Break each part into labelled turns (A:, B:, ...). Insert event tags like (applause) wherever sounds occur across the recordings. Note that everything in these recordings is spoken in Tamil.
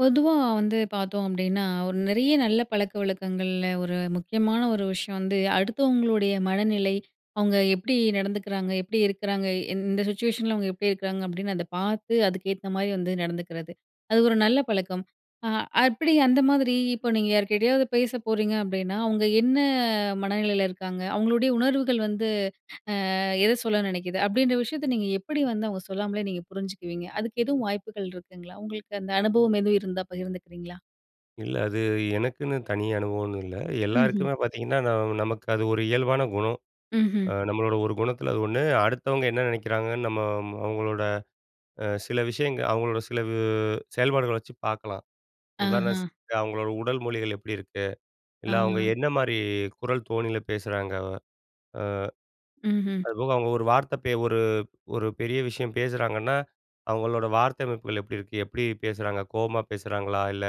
A: பொதுவா வந்து பாத்தோம் அப்டின்னா, ஒரு நெறைய நல்ல பழக்கவழக்கங்கள்ல ஒரு முக்கியமான ஒரு விஷயம் வந்து அடுத்தவங்களுடைய மனநிலை, அவங்க எப்டி நடந்துக்கிறாங்க, எப்டி இருக்கிறாங்க, இந்த சிச்சுவேஷன்ல அவங்க எப்டி இருக்கிறாங்க, அப்டின்னு அத பார்த்து அதுக்கு ஏத்த மாரி வந்து நடந்துக்கிறது. அது ஒரு நல்ல பழக்கம். ஆ அப்டி அந்த மாதிரி, இப்போ நீங்க யார்கிட்டயாவது பேச போறீங்க அப்டின்னா அவங்க என்ன மனநிலையில இருக்காங்க. அவங்களுடைய உணர்வுகள் வந்து (inhales) ஆ எத சொல்ல நினைக்குது. அப்டின்ற விஷயத்தை நீங்க எப்புடி வந்து அவங்க சொல்லாமலே நீங்க புரிஞ்சுக்குவீங்க? அதுக்கு எதுவும் வாய்ப்புகள் இருக்குங்களா? உங்களுக்கு அந்த அனுபவம் எதுவும் இருந்தா பகிர்ந்துக்கிறீங்களா?
B: இல்ல, அது எனக்குன்னு தனி அனுபவம்னு இல்ல.
A: ம்ஹ்ம்.
B: எல்லோருக்குமே பாத்தீங்கன்னா, நான் நமக்கு அது ஒரு இயல்பான குணம். அ
A: ம்ஹ்ம்.
B: நம்மளோட ஒரு குணத்தில அது ஒண்ணு. அடுத்தவங்க என்ன நினைக்கிறாங்கன்னு நம்ம அம் அவங்களோட. அ சில விஷயங்க, அவங்களோட சிலவு செயல்பாடுகள வச்சு பார்க்கலாம்.
A: ஆஹ.
B: உதாரணத்திற்கு, அவங்களோட உடல் மொழிகள் எப்டி இருக்கு.
A: ஆ.
B: இல்ல, அவங்க என்ன மாரி குரல் தோணியில பேசுறாங்கவ. ஆ
A: ம்ஹ்ம்.
B: அதுபோக, அவங்க ஒரு வார்த்தை ஒரு ஒரு பெரிய விஷயம் பேசுகிறாங்கன்னா அவங்களோட வார்த்த அமைப்புகள் எப்டி இருக்கு. எப்டி பேசுகிறாங்க, கோவமா பேசுறாங்களா? இல்ல,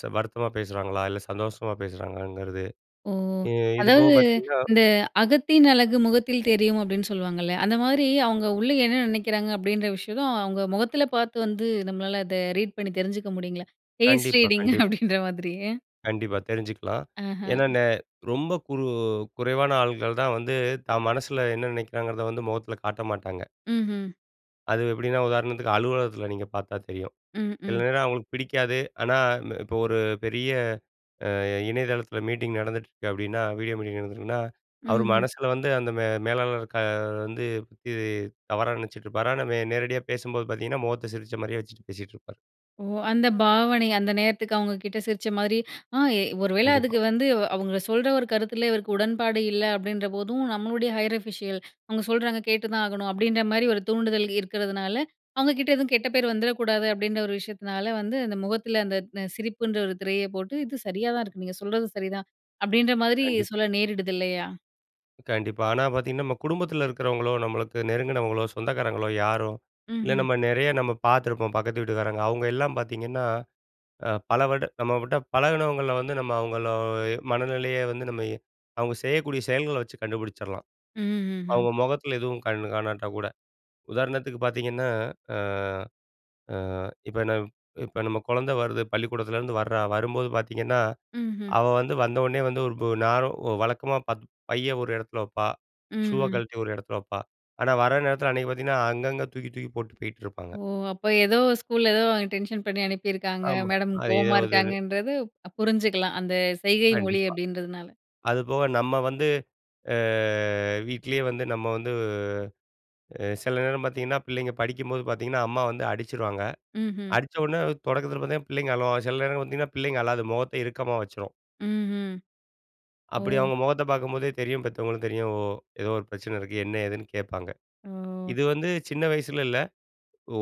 B: ச ஆ வருத்தமா பேசுறாங்களா? இல்ல, சந்தோஷமா பேசுறாங்களாங்கிறது.
A: ஓ!
B: ஆ இது போக
A: அதாவது,
B: பாத்தீங்கன்னா.
A: "இந்த அகத்தின் அழகு முகத்தில் தெரியும்," அப்படின்னு சொல்லுவாங்கள்ல, அந்த மாரி அவங்க உள்ள என்ன நினைக்கிறாங்க அப்டின்ற விஷயத்து அவங்க முகத்தில பார்த்து வந்து நம்மளால அத ரீட் பண்ணி தெரிஞ்சுக்க முடியுங்களா? பேஸ்
B: கண்டிப்பா,
A: ரீடிங்க
B: கண்டிப்
A: அப்டின்ற மாதிரி.
B: கண்டிப்பா தெரிஞ்சுக்கலாம்.
A: அஹ.
B: ஏன்னா, நெ ரொம்ப குறு குறைவான ஆள்கள் தான் வந்து தான் மனசுல என்ன நினைக்கிறாங்கிறத வந்து முகத்தில காட்ட மாட்டாங்க.
A: ம்ஹ்ம்.
B: அது எப்படின்னா உதாரணத்துக்கு அலுவலகத்தில நீங்க பார்த்தா தெரியும்.
A: ம்,
B: சில
A: ம்.
B: நேரம் அவங்களுக்கு பிடிக்காது. ஆனா, இந்த இப்போ ஒரு பெரிய அ இணையதளத்தில மீட்டிங் நடந்துட்டு இருக்கு அப்டின்னா, வீடியோ மீட்டிங் நடந்திருக்குன்னா. அவர்
A: ம்ஹ்ம்.
B: மனசுல வந்து அந்த மே மேலாளர் க வந்து பத்தி தவறான நினைச்சிட்டுருப்பாரு. ஆனா, வே நேரடியா பேசும்போது பார்த்தீங்கன்னா முகத்த சிரிச்ச மாரியே வச்சுட்டு பேசிட்டுருப்பார்.
A: ஓ! அந்த பாவனை, அந்த நேரத்துக்கு அவுங்க கிட்ட சிரிச்ச மாதிரி (inhales) ஆ எ ஒருவேளை
B: கண்டிப்பா.
A: அதுக்கு வந்து, அவுங்க சொல்ற ஒரு கருத்துல இவருக்கு உடன்பாடு இல்ல அப்டின்றபோதும், "நம்மளுடைய ஹையர் ஆஃபிஷியல், (inhales) அவுங்க சொல்றாங்க கேட்டு தான் ஆகணும்" அப்டின்ற மாரி ஒரு தூண்டுதல் இருக்கிறதுனால அவுங்க கிட்ட எதுவும் கெட்ட பேர் வந்துரக்கூடாது, அப்படின்ற ஒரு விஷயத்துனால வந்து, அந்த முகத்தில அந்த ந சிரிப்புன்ற ஒரு திரைய போட்டு "இது சரியா தான் இருக்கு. நீங்க சொல்றதும் சரிதான்" அப்டின்ற மாதிரி
B: கண்டிப்
A: சொல்ல நேரிடுது இல்லையா?
B: கண்டிப்பா. ஆனா, பாத்தீங்கன்னா நம்ம குடும்பத்தில இருக்கிறவங்களோ, நம்மளுக்கு நெருங்குனவங்களோ, சொந்தக்காரங்களோ, யாரோ இல்ல
A: ம்ஹ்ம்.
B: நம்ம நெறைய நம்ம பாத்துருப்போம் பக்கத்து வீட்டுக்காரங்க. அவுங்க எல்லாம் பாத்தீங்கன்னா, அ பல வருட நம்ம கிட்ட பழகுனவங்கள வந்து நம்ம அவுங்கள எ மனநிலைய வந்து நம்ம எ அவங்க செய்யக்கூடிய செயல்கள வச்சு கண்டுபுடிச்சிரலாம்.
A: ம்ஹ்ஹும்.
B: அவுங்க மொகத்தில எதுவும் கண்ணு காணாட்டா கூட. உதாரணத்துக்கு பாத்தீங்கன்னா, ஆ அ. இப்ப நம் இப்ப நம்ம கொழந்த வருது. பள்ளிக்கூடத்துலேருந்து வர்றா. வரும்போது பாத்தீங்கன்னா,
A: ம்ஹ்ம்.
B: அவ வந்து வந்தவோன்னே வந்து ஒரு து நேரா ஒ வழக்கமா பாத் பைய ஒரு எடத்துல வப்பா. ஷூவ
A: ம்ஹ்ம்.
B: கழட்டி ஒரு எடத்துல வப்பா. ஆனா வர நேரத்தில அன்னைக்கு பாத்தீங்கன்னா, அங்கங்க தூக்கி, தூக்கி போட்டு போயிட்டுருப்பாங்க.
A: ஓ! அப்போ எதோ ஸ்கூல்ல எதோ டென்ஷன் பண்ணி அனுப்பிருக்காங்க.
B: ஆமா.
A: மேடம்
B: அது ஏதோ
A: கோவமா
B: ஒரு இதுன்னு
A: இருக்காங்கன்றது, அப் புரிஞ்சிக்கலாம். அந்த செய்கை மொழி
B: கண்டிப்பா.
A: அப்டின்றதுனால.
B: அதுபோக நம்ம வந்து அ வீட்டிலேயே வந்து நம்ம வந்து அ சில நேரம் பாத்தீங்கன்னா, பிள்ளைங்க படிக்கும்போது பாத்தீங்கன்னா, அம்மா வந்து அடிச்சிருவாங்க.
A: ம்ஹ்ம்.
B: அடிச்சவோன்னே, தொடக்கத்தில பாத்தீங்கன் பிள்ளைங்க அழுவாங்க. சில நேரம் பாத்தீங்கன்னா, பிள்ளைங்க அழாது. மொகத்த இறுக்கமா வச்சிரும்.
A: ம்ஹ்ம்.
B: அப்படி
A: ஓ!
B: அவங்க முகத்த பார்க்கும்போதே தெரியும், பெத்தவங்களும் தெரியும், ஓ ஏதோ ஒரு பிரச்சனை இருக்கு என்ன ஏதுன்னு கேட்பாங்க.
A: ஓ!
B: இது வந்து சின்ன வயசுலன்னு இல்ல.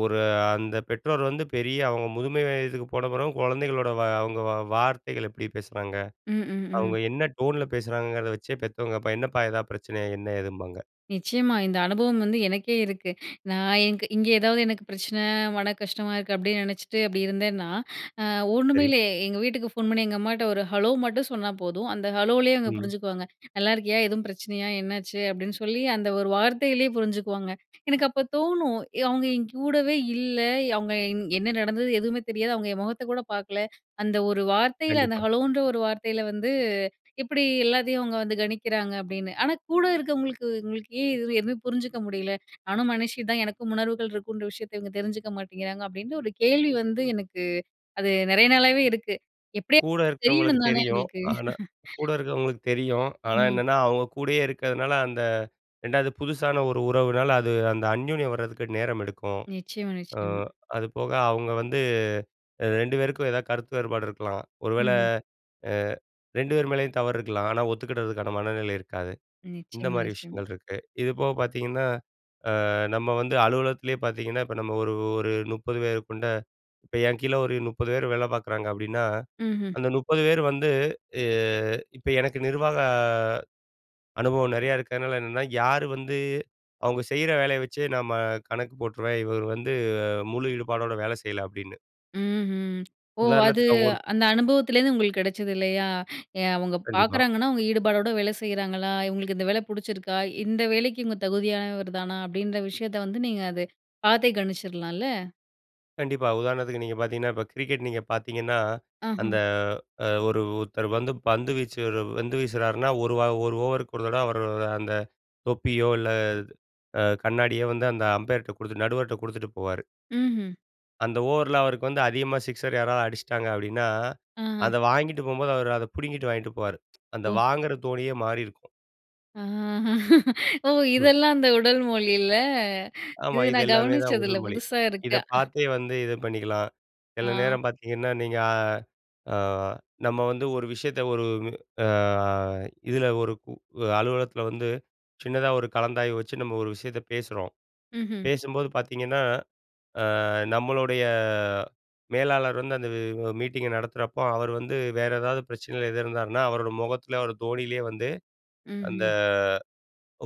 B: ஒரு அந்த பெற்றோர் வந்து, பெரிய அவுங்க முதுமை வயதுக்கு போன பிறகும் குழந்தைகளோட வ அவங்க வ வார்த்தைகள் எப்படி பேசுறாங்க,
A: ம், ம், ம்.
B: அவங்க என்ன டோன்ல பேசுறாங்கங்கிறத வச்சே பெத்தவங்க, பா என்னப்பா, எதா பிரச்சனையா? என்ன, ஏதும்பாங்க!
A: நிச்சயமா, இந்த அனுபவம் வந்து எனக்கே இருக்கு. (inhales) நான் எனக்கு இங்கே ஏதாவது எனக்கு பிரச்சனை, மனக்கஷ்டமா இருக்கு அப்படின்னு நினைச்சிட்டு அப்படி இருந்தேன்னா! (inhales) அ ஒண்ணுமே
B: சரி.
A: இல்ல எங்க வீட்டுக்கு ஃபோன் பண்ணி எங்க அம்மாகிட்ட ஒரு "ஹலோ" மட்டும் சொன்னா, போதும் அந்த ஹலோவுலேயே அவுங்க
B: ம்.
A: புரிஞ்சுக்குவாங்க. (inhales) "நல்லா இருக்கியா? எதுவும் பிரச்சனையா, என்னாச்சு?" அப்படின்னு சொல்லி, அந்த ஒரு வார்த்தையிலேயே புரிஞ்சுக்குவாங்க. (inhales) எனக்கு அப்போ தோணும், எ "அவுங்க என்கூடவே இல்ல, அவுங்க என்ன நடந்தது எதுவுமே தெரியாது, அவுங்க என் முகத்த கூட பார்க்கல! (inhales) அந்த ஒரு வார்த்தையில, அந்த
B: கண்டிப்பா.
A: ஹலோன்ற ஒரு வார்த்தையில வந்து (inhales) எப்படி எல்லாத்தையும் அவங்க வந்து கணிக்கிறாங்க" அப்படின்னு. ஆனா கூட இருக்கிறவங்களுக்கு, இவங்களுக்கு ஏன் எதுவுமே புரிஞ்சுக்க முடியல. (inhales) நானும் மனுஷி தான் எனக்கும் உணர்வுகள் இருக்குன்ற விஷயத்த, இவங்க தெரிஞ்சுக்க மாட்டேங்கிறாங்க." அப்படின்னு ஒரு கேள்வி வந்து எனக்கு, அது நிறைய நாளாவே இருக்கு. எப்படியா
B: கூட இருக்கிறவங்களுக்கு
A: தெரியணும் தானே
B: தெரியும்.
A: அவங்களுக்கு.
B: ஆனா,
A: (laughs)
B: கூட இருக்கிறவங்களுக்கு தெரியும் ஆனா
A: ம்.
B: என்னன்னா, அவங்க கூடயே இருக்கிறதுனால, அந்த 2வது புதுசான ஒரு உறவுனால அது அந்த அந்யோனியம் வரதுக்கு நேரம் எடுக்கும்.
A: நிச்சயமா
B: அ
A: நிச்சயமா.
B: அது போக அவுங்க வந்து 2 பேருக்கும் ஏதாவது கருத்து வேறுபாடு இருக்கலாம். ஒரு வேளை
A: ம்ஹ்ம்.
B: அ 2 பேர் மேலயும் தவறு இருக்கலாம். ஆனா ஒத்துக்கிடறதுக்கான மனநிலை இருக்காது. இந்த
A: நிச்சயமா
B: மாதிரி
A: நிச்சயமா.
B: விஷயங்கள் இருக்கு. இது போக பார்த்தீங்கன்னா, அ நம்ம வந்து அலுவலகத்திலேயே பார்த்தீங்கன்னா, இப்போ நம்ம ஒரு ஒரு 30 பேர் கொண்ட இப்ப என் கீழே ஒரு 30 பேர் வேலை பார்க்குறாங்க அப்படின்னா,
A: ம்ஹ்ம்.
B: அந்த 30 பேர் வந்து, எ இப்ப எனக்கு நிர்வாக அ அனுபவம் நிறைய இருக்கிறதுனால, என்னென்னா யார் வந்து அவங்க செய்யற வேலைய வச்சு நம்ம கணக்கு போட்டுருவேன் "இவர் வந்து முழு ஈடுபாடோட, வேலை செய்யல" அப்படின்னு.
A: ம்ஹும் ஓ! அது
B: உதாரணத்துக்கு அவங்க ஒரு
A: அந்த அனுபவத்திலேருந்து உங்களுக்கு கிடைச்சது இல்லையா. (inhales) எ அவங்க
B: கண்டிப்பா.
A: பார்க்குறாங்கன்னா அவங்க ஈடுபாடோட வேலை செய்யறாங்களா? இவங்களுக்கு இந்த வேலை பிடிச்சிருக்கா? இந்த வேலைக்கு இவங்க தகுதியானவர் தானா அப்டின்ற விஷயத்த வந்து நீங்க அதை பார்த்தே கணிச்சிடலாம்ல.
B: கண்டிப்பா. உதாரணத்துக்கு நீங்க பார்த்திங்கன்னா, இப்போ கிரிக்கெட் நீங்க பார்த்திங்கன்னா,
A: ஆஹா.
B: அந்த ஆ ஒரு ஒருத்தர் வந்து, பந்து வீச்சு பந்து வீசுறார்ன்னா ஒரு 1 ஓவருக்கு ஒரு தடவ அவர் அந்த தொப்பியோ, இல்ல அ கண்ணாடியோ வந்து அந்த அம்பயர்ட்ட குடுத்துட்டு, நடுவர்கிட்ட குடுத்துட்டு போவார்.
A: ம்ஹ்ம்.
B: அந்த ஓவர்ல அவருக்கு வந்து அதிகமா சிக்ஸர் யாராவது அடிச்சுட்டாங்க அப்டின்னா,
A: ஆஹா.
B: அத வாங்கிட்டு போகும்போது அவரு அத புடுங்கிட்டு வாங்கிட்டு போவாரு. (tsk) அந்த
A: ஓ.
B: வாங்குற தோனியே மாறி இருக்கும்.
A: ஓ!
B: ம்.
A: இதெல்லாம் அந்த உடல் மொழியில. (inhales)
B: ஆமா,
A: இது
B: இது
A: நான்
B: எல்லாமே தான்
A: கவனிச்சது இல்ல,
B: உடல் மொழி.
A: புதுசா
B: இத
A: இருக்க.
B: பார்த்தே வந்து இது பண்ணிக்கலாம். சில
A: ஆ.
B: நேரம் பார்த்தீங்கன்னா, நீங்க ஆ ஆ நம்ம வந்து ஒரு விஷயத்த, ஒரு ஆ இதில ஒரு உ அலுவலகத்தில வந்து, சின்னதா ஒரு கலந்தாய்வு வச்சு நம்ம ஒரு விஷயத்த பேசுறோம்.
A: ம்ஹ்ம்.
B: பேசும்போது பார்த்தீங்கன்னா, ஆ நம்மளுடைய மேலாளர் வந்து அந்த மீட்டிங்கை நடத்துறப்போ அவர் வந்து வேறு ஏதாவது பிரச்சனையில எதிர் இருந்தாருன்னா, அவரோட முகத்தில் அவர் தோணியிலேயே வந்து, அந்த
A: ம்ஹ்ம்.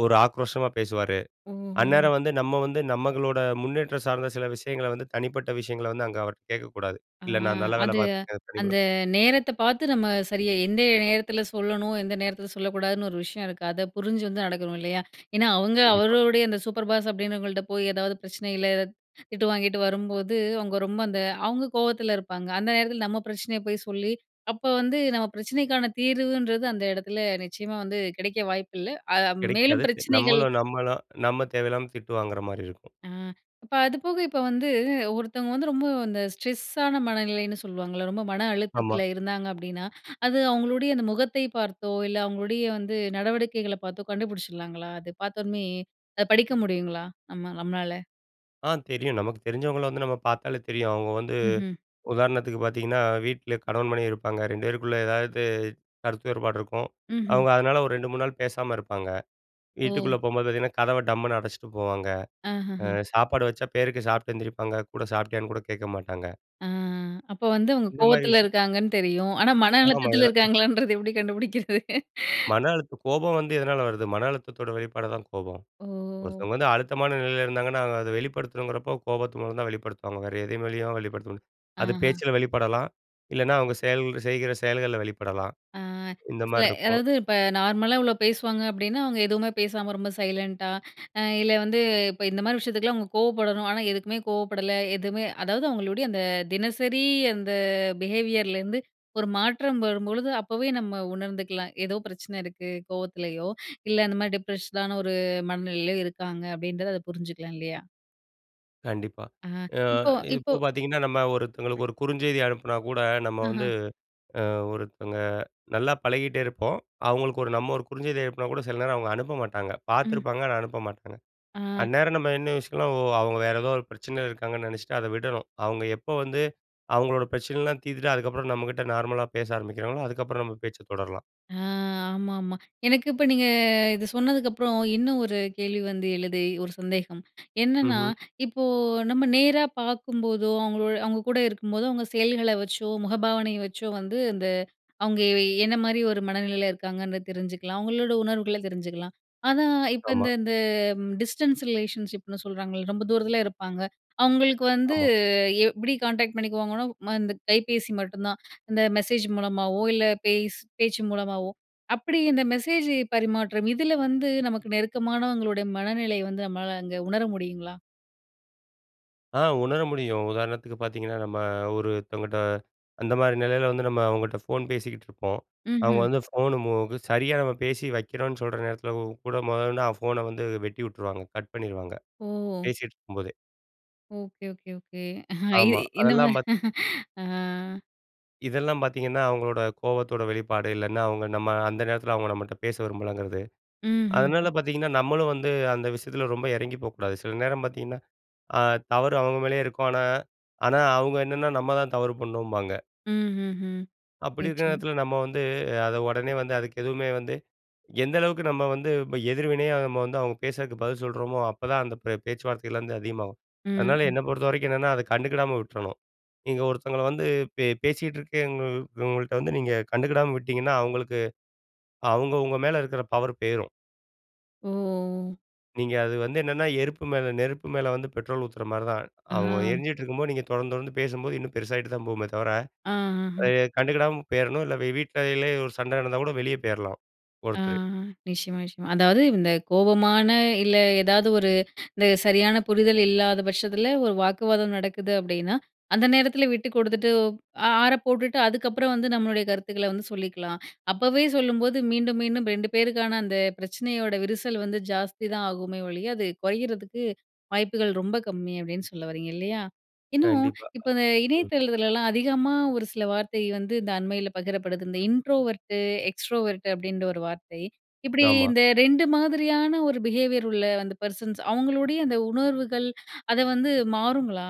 B: ஒரு ஆக்ரோஷமா பேசுவாரு.
A: ஓஹ் ஓஹ்!
B: அந்நேரம் வந்து நம்ம வந்து நமக்களோட முன்னேற்றம் சார்ந்த சில விஷயங்கள வந்து தனிப்பட்ட விஷயங்கள வந்து, அங்கே அவர்கிட்ட கேட்க கூடாது,
A: ஆ
B: இல்ல நான் நல்ல வேலை
A: அது
B: பார்த்துருக்கேன்.
A: அந்த
B: (unintelligible)
A: நேரத்த பார்த்து நம்ம சரியா, எந்தே நேரத்தில சொல்லணும். எந்த நேரத்தில சொல்லக்கூடாதுன்னு ஒரு விஷயம் இருக்கு. அத புரிஞ்சு வந்து நடக்கணும் இல்லையா? (inhales) ஏன்னா, அவங்க
B: கண்டிப்பா.
A: அவரோடைய அந்த சூப்பர் பாஸ் அப்படின்றவங்கள்ட்ட போய் எதாவது பிரச்சனையில ஏதாவது (inhales) திட்டு வாங்கிட்டு வரும்போது, அவங்க ரொம்ப அந்த அவங்க கோவத்தில இருப்பாங்க, அந்த நேரத்தில நம்ம பிரச்சனையை போய் சொல்லி, அப்போ வந்து நம்ம பிரச்சனைக்கான தீர்வுன்றது அந்த இடத்துல நிச்சயமா வந்து கிடைக்க வாய்ப்பு இல்ல. அ மேலும்
B: கிடைக்காது
A: பிரச்சனைகள்
B: நம்மளு நம்மளு நம்ம தேவையில்லாம திட்டு வாங்குற மாரி இருக்கும்.
A: ஆ. இப்போ அது போக இப்போ வந்து, ஒருத்தவங்க வந்து ரொம்ப இந்த ஸ்ட்ரெஸ்ஸான மனநிலைன்னு சொல்லுவாங்கள்ல. ரொம்ப மன
B: ஆமா.
A: அழுத்தத்தில இருந்தாங்க அப்படின்னா, (inhales) அது அவங்களுடைய அந்த முகத்தை பார்த்தோ, இல்ல அவங்களுடைய வந்து நடவடிக்கைகளை பார்த்தோ கண்டுபிடிச்சிடலாங்களா? அது பார்த்த உனே அத படிக்க முடியுங்களா? நம்ம நம்மளால?
B: ஆ தெரியும். நமக்கு தெரிஞ்சவங்கள வந்து நம்ம பார்த்தாலே தெரியும். அவங்க வந்து
A: ம்ஹ்ம்.
B: உதாரணத்துக்கு பார்த்தீங்கன்னா, வீட்ல கணவன் மணி இருப்பாங்க 2 பேருக்குள்ள ஏதாவது கருத்து ஏற்பாடு இருக்கும்.
A: ம்ஹ்ம்.
B: அவங்க அதனால ஒரு 2, 3 நாள் பேசாம இருப்பாங்க.
A: ஓ.
B: வீட்டுக்குள்ள போகும்போது பார்த்தீங்கன்னா, கதவை டம்முனு அடைச்சிட்டு போவாங்க. ஆ
A: அஹஹா.
B: சாப்பாடு வச்சா பேருக்கு சாப்பிட்டு எந்திரிப்பாங்க கூட சாப்பிட்டியான்னு கூட கேட்க மாட்டாங்க.
A: ஆ அப்ப வந்து அவங்க
B: இந்த மாதிரி
A: கோவத்துல
B: விஷயம்
A: இருக்காங்கன்னு தெரியும். ஆனா, மன
B: ஆமா. இது
A: அழுத்தத்தில
B: எல்லாருக்கும்
A: இருக்காங்களன்றது எப்டி கண்டுபிடிக்கிறது. (inhales)
B: மன அழுத்த கோபம் வந்து எதனால வருது, மன அழுத்தத்தோட வெளிப்பாடுதான் கோபம்.
A: ஓ!
B: ஒருத்தவங்க வந்து அழுத்தமான நிலையில இருந்தாங்கன்னா, அவங்க அத வெளிப்படுத்தணுங்கிறப்போ கோபத்து மூலம் தான் வெளிப்படுத்துவாங்க. வேற எது வழியாவும் வெளிப்படுத்த முடியாது. அது
A: அஹா.
B: பேச்சில் வெளிப்படலாம், இல்லைன்னா அவங்க செயல் செய்கிற செயல்களில வெளிப்படலாம்.
A: ஆ.
B: இந்த
A: ஸ்ல
B: மாதிரி இருக்கும்.
A: அதாவது, இப்ப நார்மலா இவ்வளோ பேசுவாங்க அப்டின்னா, அவங்க எதுவுமே பேசாம ரொம்ப சைலன்ட்டா (inhales) இல்ல வந்து, இப்ப இந்த மாரி விஷயத்துக்கலாம், அவங்க கோவப்படணும். ஆனா, எதுக்குமே கோவப்படல எதுவுமே அதாவது, அவங்களுடைய அந்த தினசரி அந்த பிஹேவியர்லேருந்து ஒரு மாற்றம் வரும்பொழுது, அப்போவே நம்ம உணர்ந்துக்கலாம். ஏதோ பிரச்சனை இருக்கு, கோவத்துலியோ (inhales) இல்ல அந்த மாரி டிப்ரஷ்டான ஒரு மனநிலையிலயோ இருக்காங்க அப்டின்றது, அத புரிஞ்சுக்கலாம் இல்லையா?
B: கண்டிப்பா.
A: ஆ,
B: ஆ
A: இப்போ, இப்போ.
B: இப்போ பார்த்தீங்கன்னா, நம்ம ஒருத்தவங்களுக்கு ஒரு குறுஞ்செய்தி அனுப்பினா கூட, நம்ம
A: ஆஹா.
B: வந்து அ ஒருத்தவங்க நல்லா பழகிட்டே இருப்போம். அவங்களுக்கு ஒரு நம்ம ஒரு குறுஞ்செய்தி அனுப்பினா கூட, சில நேரம் அவங்க அனுப்ப மாட்டாங்க.
A: ம்.
B: பார்த்துருப்பாங்க, ஆனா அனுப்ப மாட்டாங்க.
A: ஆ.
B: அந்நேரம் நம்ம என்ன யோசிக்கணும்னா, அவங்க வேறு ஏதோ ஒரு பிரச்சனை இருக்காங்கன்னு நெனைச்சிட்டு அத விடணும். அவங்க எப்போ வந்து அவங்களோட பிரச்சனைலாம் தீர்த்துட்டு, அதுக்கப்புறம் நம்மகிட்ட நார்மலா பேச ஆரம்பிக்கிறாங்களோ, அதுக்கப்புறம் நம்ம பேச்சை தொடரலாம்.
A: ஆ ஆமாம்மா. (inhales) எனக்கு இப்ப நீங்க இதை சொன்னதுக்கப்புறம், இன்னும் ஒரு கேள்வி வந்து எழுதே, ஒரு சந்தேகம். (inhales) என்னன்னா,
B: ம்ஹ்ம்.
A: இப்போ நம்ம நேரா பார்க்கும்போதோ, அவங்களோ அவங்க கூட இருக்கும்போதோ, அவங்க செயல்கள வச்சோ, முகபாவனைய வச்சோ வந்து அந்த அவங்க எ என்ன மாரி ஒரு மனநிலையில இருக்காங்கன்னு தெரிஞ்சுக்கலாம். அவங்களோட உணர்வுகள தெரிஞ்சுக்கலாம். ஆனா, இப்போ
B: ஆமா.
A: இந்த இந்த டிஸ்டன்ஸ் ரிலேஷன்ஷிப்னு சொல்றாங்கல்ல, ரொம்ப தூரத்தில இருப்பாங்க. அவங்களுக்கு வந்து,
B: ஆமா.
A: எப்டி கான்டாக்ட் பண்ணிக்குவாங்கன்னா, ம இந்த கைபேசி மட்டும் தான், (inhales) இந்த மெசேஜ் மூலமாவோ இல்ல, பேஸ் பேச்சு மூலமாவோ அப்டி இந்த மெசேஜ் பரிமாற்றம். இதில வந்து நமக்கு நெருக்கமானவங்களுடைய மனநிலை வந்து நம்மளால அங்க உணர முடியுங்களா?
B: ஆ உணர முடியும். உதாரணத்துக்கு பார்த்தீங்கன்னா, நம்ம ஒருத்தவங்கட்ட அந்த மாரி நிலையில வந்து, நம்ம அவங்கட்ட ஃபோன் பேசிக்கிட்டு இருப்போம். அவங்க
A: ம்ஹ்ம்.
B: வந்து ஃபோன மோகு சரியா பேசி வைக்கிறோம்ன்னு சொல்ற நேரத்தில கூட முதல்ல இருந்து அ ஃபோன வந்து வெட்டி உட்டுருவாங்க, கட் பண்ணிருவாங்க.
A: ஓ!
B: பேசிகிட்டு இருக்கும்போதே.
A: Okay okay okay. இ
B: ஆமா.
A: இந்த
B: அதெல்லாம்
A: மாரி.
B: பார்த்
A: ஆ.
B: இதெல்லாம் பார்த்தீங்கன்னா, அவங்களோட கோவத்தோட வெளிப்பாடு இல்லைன்னா அவங்க நம்ம அந்த நேரத்துல அவங்க நம்மகிட்ட பேச விரும்பலங்கிறது. அதனால
A: ம்ஹ்ம்.
B: பார்த்தீங்கன்னா, நம்மளும் வந்து அந்த விஷயத்துல ரொம்ப இறங்கிப் போகக்கூடாது. சில நேரம் பார்த்தீங்கன்னா, ஆ தவறு அவங்க மேலேயே இருக்கும், ஆனா ஆனா அவுங்க என்னன்னா நம்ம தான் தவறு பண்ணோம்பாங்க.
A: ம்ஹ்ம்.
B: அப்படி இருக்குற
A: நிச்சியம்மா.
B: நேரத்துல நம்ம வந்து, அத உடனே வந்து அதுக்கு எதுவுமே வந்து, எந்த அளவுக்கு நம்ம வந்து ப எதிர்வினையா நம்ம வந்து அவுங்க பேசுறதுக்கு பதில் சொல்றோமோ, அப்பதான் அந்த பிரே பேச்சுவார்த்தைகள் வந்து அதிகமாகும். அதனால
A: ம்ம்ஹ்.
B: என்ன பொறுத்தவரைக்கும் என்னன்னா, அத கண்டுக்கிடாம விட்றணும். நீங்க ஒருத்தவங்கள வந்து பே பேசிட்டு இருக்கே (unintelligible) இவங்கள்ட்ட வந்து நீங்க கண்டுக்கிடாம விட்டிங்கன்னா அவங்களுக்கு அவங்க உங்க மேல இருக்குற பவர் போயிரும்.
A: ஓஹோ!
B: நீங்க அது வந்து என்னென்னா எருப்பு மேல நெருப்பு மேல வந்து பெட்ரோல் ஊத்துற மாரி தான்.
A: ஆ.
B: அவங்க எரிஞ்சுட்டு இருக்கும்போது நீங்க தொடர்ந்து தொடர்ந்து பேசும்போது, இன்னும் பெருசாயிட்டு தான் போகுமே தவர.
A: ஆ, அஹ்ம்.
B: ஏ கண்டுக்கிடாம போயிரணும். இல்ல வீட்லே இல்ல ஒரு சண்ட நடந்தா கூட வெளிய போயிரலாம்,
A: ஆ.
B: ஒருத்தரு.
A: நிச்சயமா நிச்சயமா. அதாவது இந்த கோபமான இல்ல, ஏதாவது ஒரு (inhales) இந்த சரியான புரிதல் இல்லாத பட்சத்துல ஒரு வாக்குவாதம் நடக்குது அப்படின்னா, அந்த நேரத்துல விட்டு குடுத்துட்டு ஒப் அ ஆற போட்டுட்டு அதுக்கப்புறம் வந்து நம்மளுடைய கருத்துக்கள வந்து சொல்லிக்கலாம். (inhales) அப்போவே சொல்லும்போது மீண்டும் மீண்டும் ரெண்டு பேருக்கான அந்த பிரச்சனையோட விரிசல் வந்து ஜாஸ்தி தான் ஆகுமே ஒழிய, அது குறையிறதுக்கு வாய்ப்புகள் ரொம்ப கம்மி அப்படின்னு சொல்ல வரீங்க, இல்லையா? இன்னும் (inhales)
B: கண்டிப்பா. அ
A: இப்போ இந்த
B: ம்.
A: இணையதளத்துலலாம் அதிகமா ஒரு சில வார்த்தை வந்து, இந்த அண்மையில பகிரப்படுது. இந்த இன்ட்ரோவர்டு, எக்ஸ்ட்ரோவர்ட் அப்டின்ற ஒரு வார்த்தை. இப்படி
B: ஆமா.
A: இந்த ரெண்டு மாதிரியான ஒரு பிஹேவியர் உள்ள அந்த பெர்சன்ஸ் அவங்களுடைய அந்த உணர்வுகள், (inhales) அத வந்து மாறுங்களா?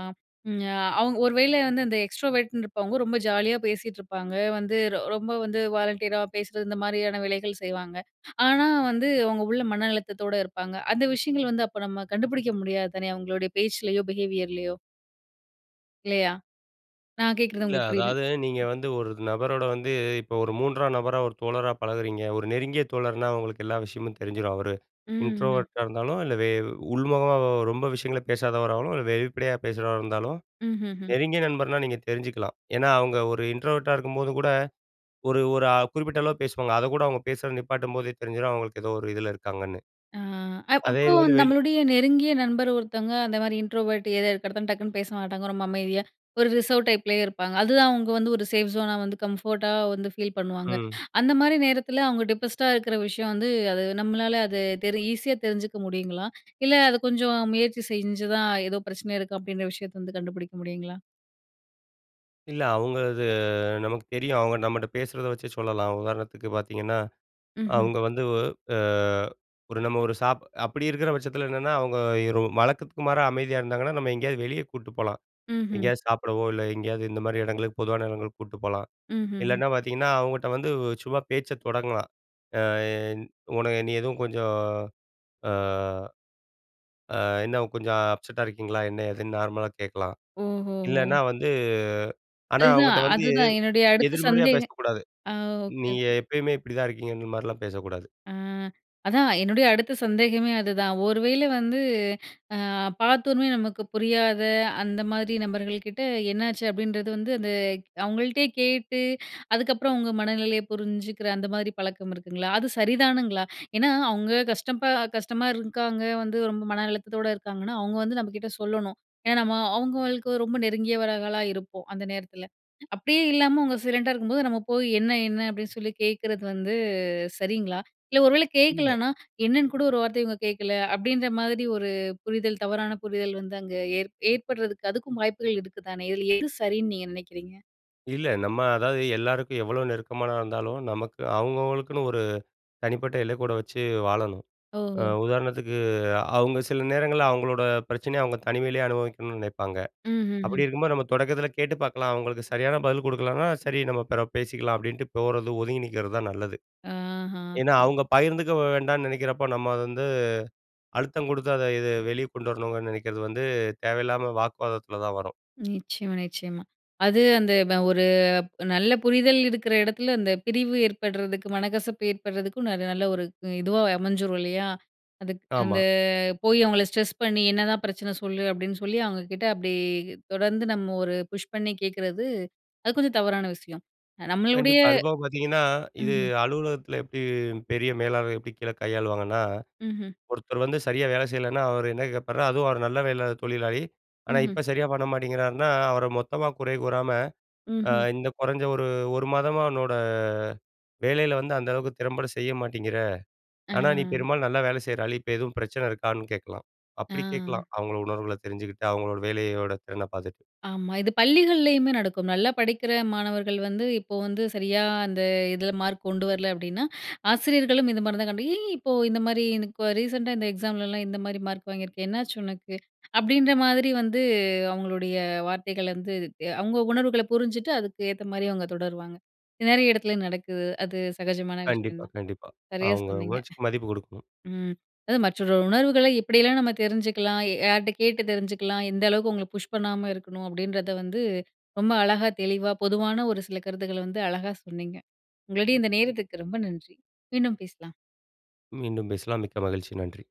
A: ம் அவங் ஒரு வேள வந்து அந்த எக்ஸ்ட்ரோவர்ட்னு இருப்பவங்க ரொம்ப ஜாலியா பேசிட்டு இருப்பாங்க. வந்து ரொ ரொம்ப வந்து வாலண்டியரா பேசுறது இந்த மாதிரியான வேலைகள் செய்வாங்க. (inhales) ஆனா வந்து அவங்க உள்ள மன அழுத்தத்தோடு இருப்பாங்க. அந்த விஷயங்கள் வந்து அப்போ நம்ம கண்டுபுடிக்க முடியாது தானே? அவங்களுடைய பேச்சிலயோ பிஹேவியர்லயோ. இல்லையா? நான் கேக்கிறது
B: இல்ல,
A: உங்களுக்கு புரியுது
B: அதாவது நீங்க வந்து ஒரு இது நபரோட வந்து இப்ப ஒரு 3ஆம் நபரா, ஒரு தோழரா பழகுறீங்க. ஒரு நெருங்கிய தோழர்னா, உங்களுக்கு எல்லா விஷயமும் தெரிஞ்சிரும். அவரு
A: ம் ஹு.
B: இன்ட்ரோவர்ட்டா இருந்தாலும், இல்ல வே உள்முகமாவா ரொம்ப விஷயங்கள பேசாதவராவும், இல்ல வெளிப்படையா பேசுறவரா இருந்தாலும்,
A: ம்ஹு ஹூம்.
B: நெருங்கிய நண்பர்னா நீங்க தெரிஞ்சுக்கலாம். ஏன்னா, அவுங்க ஒரு இன்ட்ரோவர்ட்டா இருக்கும்போது கூட, ஒரு ஒரு ஆ குறிப்பிட்ட அளவு பேசுவாங்க. அதக்கூட அவுங்க பேசுறத நிப்பாட்டும்போதே தெரிஞ்சிரும். அவுங்களுக்கு ஏதோ ஒரு இதுல இருக்காங்கன்னு.
A: ஆ, அ
B: அதே
A: அப்போ
B: இதுங்க வந்து வெளி
A: நம்மளுடைய நெருங்கிய நண்பர் ஒருத்தவங்க அந்த மாரி இன்ட்ரோவர்ட் ஏதோ இருக்கிறத டக்குனு பேச மாட்டாங்க. ரொம்ப அமைதியா ஒரு ரிசர்வ் டைப்லயே இருப்பாங்க. அதுதான் அவுங்க வந்து ஒரு சேஃப் ஜோனா வந்து கம்ஃபோர்ட்டா வந்து ஃபீல் பண்ணுவாங்க.
B: ம்.
A: (inhales) அந்த மாரி நேரத்துல அவுங்க டிப்ரெஸ்ட்டா இருக்கிற விஷயம் வந்து. அது நம்மளால அது தெரி ஈஸியா தெரிஞ்சுக்க முடியுங்களா? (inhales) இல்ல அத கொஞ்சம் முயற்சி செஞ்சுதான், "ஏதோ பிரச்சனை இருக்கு" அப்படின்ற விஷயத்த வந்து கண்டுபுடிக்க முடியுங்களா?
B: இல்ல அவுங்க அது நமக்கு தெரியும். அவுங்க நம்மட்ட பேசுறத வச்சே சொல்லலாம். உதாரணத்துக்கு பாத்தீங்கன்னா,
A: ம்ஹ்ம்.
B: அவுங்க வந்து ஒ அ ஒரு நம்ம ஒரு சாப் அப்படி இருக்கிற பட்சத்தில. என்னான்னா, அவுங்க இரு வழக்கத்துக்கு மாறா அமைதியா இருந்தாங்கன்னா, நம்ம எங்கேயாவது வெளிய கூட்ட்டு போலாம்.
A: ம்ஹ்ம்.
B: எங்கேயாச்சு சாப்பிடவோ இல்ல, எங்கேயாது இந்த மாரி எடங்களுக்கு பொதுவான எடங்களுக்கு கூட்ட்டு போலாம்.
A: ம்ஹ்ஹ்ம்.
B: இல்லன்னா பாத்தீங்கன்னா, அவுங்கட்ட வந்து உ சும்மா பேச்ச தொடங்கலாம். ஆ, என் உன நீ எதுவும் கொஞ்சம் ஆ, அ "என்ன கொஞ்சம் அப்செட்டா இருக்கீங்களா?" என்னா, ஏதுன்னு நார்மலா கேட்கலாம்.
A: ஓஹோஹோ.
B: இல்லன்னா, வந்து ஆனா,
A: அதுதான்
B: அவுங்ட்ட வந்து,
A: அதுதான் என்னுடைய அடுத்த
B: எதிர்மறையா
A: சந்தேக
B: பேசக்கூடாது.
A: ஆ. ஓகே,
B: நீய
A: ஓகே.
B: எப்பயுமே இப்படி தான் இருக்கீங்கங்க இந்த மாரிலாம் பேசக்கூடாது.
A: ஆ, அதான். என்னுடைய அடுத்த சந்தேகமே அதுதான். ஒரு வேள வந்து அ (inhales) பாத்தவோணுமே நமக்கு புரியாத, அந்த மாதிரி நபர்கள் கிட்ட "என்னாச்சு?" அப்படின்றது வந்து அந்த அவுங்கள்ட்டயே கேட்டு (inhales) அதுக்கப்புறம் அவுங்க மனநிலைய புரிஞ்சிக்கிற அந்த மாதிரி பழக்கம் இருக்குங்களா? அது சரிதானுங்களா? (inhales) ஏனா, அவுங்க கஷ்டப்ப கஷ்டமா இருக்காங்க. வந்து ரொம்ப மனஅழுத்தத்தோட இருக்காங்கன்னா, அவுங்க வந்து நம்பகிட்ட சொல்லணும். ஏனா, நம்ம அவுங்களுக்கு ஒரு ரொம்ப நெருங்கியவர்களா இருப்போம். அந்த நேரத்தில. அப்படியே இல்லாம அவுங்க சைலன்ட்டா இருக்கும்போது நம்ம போயி, "என்னா? என்னா?" அப்படின்னு சொல்லி கேக்கிறது வந்து சரிங்களா? (inhales) இல்ல, ஒருவேள
B: இல்ல.
A: கேக்கலனா, (inhales) "என்னான்னு கூட ஒரு வார்த்தை இவுங்க கேட்கல" அப்படின்ற மாதிரி ஒரு புரிதல், தவறான புரிதல் வந்து, அங்கே ஏற் ஏற்படுறதுக்கு அதுக்கும் வாய்ப்புகள் இருக்குதானே. இதில எது சரின்னு நீங்க நெனைக்கிறீங்க?
B: இல்ல. நம்ம அதாவது எல்லாருக்கும் எவ்ளோ நெருக்கமானா இருந்தாலும். நமக்கு அவங்கவங்களுக்குன்னு ஒரு தனிப்பட்ட எல்லைக்கோட்ட வச்சு வாழணும். அ
A: ஓஹோ!
B: உதாரணத்துக்கு, அவங்க சில நேரங்கள்ல அவங்களோட பிரச்சனைய அவங்க தனிமையிலேயே அனுபவிக்கணும்னு நினைப்பாங்க. அப்படி
A: ம்ஹ்ஹும்.
B: இருக்கும்போது நம்ம தொடக்கத்தில கேட்டு பார்க்கலாம். அவங்களுக்கு சரியான பதில் கொடுக்கலனா "சரி, நம்ம பிறகு பேசிக்கலாம்." அப்படின்ட்டு போறது ஒதுங்கி நிக்கிறது தான் நல்லது.
A: ஆஹ.
B: ஏன்னா அவங்க பகிர்ந்துக்க வேண்டாம்னு நெனைக்கிறப்ப, நம்ம வந்து அழுத்தம் குடுத்து அத இது வெளியே கொண்டு வரணுங்கன்னு நெனைக்கிறது வந்து தேவையில்லாம வாக்குவாதத்தில தான் வரும்.
A: நிச்சயமா, நிச்சயமா. அது அந்தப ஒரு நல்ல புரிதல் இருக்கிற இடத்துல அந்த பிரிவு ஏற்படுறதுக்கு மனக்கசப்பு ஏற்படுறதுக்கும், நல்ல ஒரு இதுவா அமைஞ்சிறும் இல்லையா? அதுக்கு அந்த
B: ஆமா.
A: போய் அவங்கள ஸ்ட்ரெஸ் பண்ணி "என்னதான் பிரச்சனை சொல்லு?" அப்படின்னு சொல்லி அவங்க கிட்ட அப்படி தொடர்ந்து நம்ம ஒரு புஷ் பண்ணி கேட்கறது, அது கொஞ்சம் தவறான விஷயம். நம்மளுடைய
B: கண்டிப்பா, அது போக பாத்தீங்கன்னா, இது
A: ம்ஹ்ம்.
B: அலுவலகத்தில எப்படி பெரிய மேலாளர் எப்படி கீழே கையாளுவாங்கன்னா.
A: ம்ஹ்ம்.
B: ஒருத்தர் வந்து சரியா வேலை செய்யலைன்னா அவர் என்ன கேப்பார் அதுவும் அவர் நல்ல வேலை தொழிலாளி, ஆனா
A: ம்ஹ்ம்.
B: இப்போ சரியா பண்ண மாட்டேங்கிறாருனா அவரை மொத்தமா குறை கூறாம அ
A: ம்ஹ்ம்.
B: "இந்த குறைஞ்ச 1, 1 மாதமா உன்னோட வேலையில வந்து அந்த அளவுக்கு திறம்பட செய்ய மாட்டேங்கிற.
A: ஆ.
B: ஆனா, நீ பெரும்பாலும் நல்லா வேலை செய்கிற ஆளு, இப்போ எதுவும் பிரச்சனை இருக்கான்னு." கேட்கலாம், அப்படி
A: ஆ.
B: கேட்கலாம் அவங்களோட உணர்வுகளை தெரிஞ்சுகிட்டு, அவங்களோட வேலையோடய திறன பாத்துட்டு.
A: ஆமா. இது பள்ளிகள்லயுமே நடக்கும். நல்லா படிக்கிற மாணவர்கள் வந்து இப்போ வந்து சரியா அந்த இதுல மார்க் கொண்டு வரல அப்பிடின்னா, (inhales) ஆசிரியர்களும் இந்த மாதிரி தான் கண்டு "ஏ இப்போ இந்த மாதிரி ரீசென்ட் அ இந்த எக்ஸாம்லலாம் இந்த மாதிரி மார்க் வாங்கியிருக்க என்னாச்சு உனக்கு?" (inhales) அப்படின்ற மாதிரி வந்து அவங்களுடைய வார்த்தைகள் வந்து (unintelligible) அவங்க உணர்வுகள புரிஞ்சுட்டு அதுக்கு ஏத்த மாதிரி அவங்க தொடருவாங்க. நெறைய இடத்துல நடக்குது. அது சகஜமான விஷயம்
B: கண்டிப்பா,
A: தான்.
B: கண்டிப்பா.
A: சரியா
B: அவங்க
A: சொன்னீங்க.
B: உணர்ச்சிக்கு மதிப்பு கொடுக்கணும்.
A: (chuckles) ம் அதாவது மற்றொரு உணர்வுகள்ல இப்படியெல்லாம் நம்ம தெரிஞ்சுக்கலாம். யார்ட்ட கேட்டு தெரிஞ்சுக்கலாம். எந்த அளவுக்கு உங்கள புஷ் பண்ணாம இருக்கணும். அப்படின்றத வந்து ரொம்ப அழகா தெளிவா பொதுவான ஒரு சில கருத்துக்கள்ல வந்து அழகா சொன்னீங்க. உங்களுடைய இந்த நேரத்துக்கு ரொம்ப நன்றி. மீண்டும் பேசலாம்.
B: மீண்டும் பேசலாம். மிக்க மகிழ்ச்சி. நன்றி.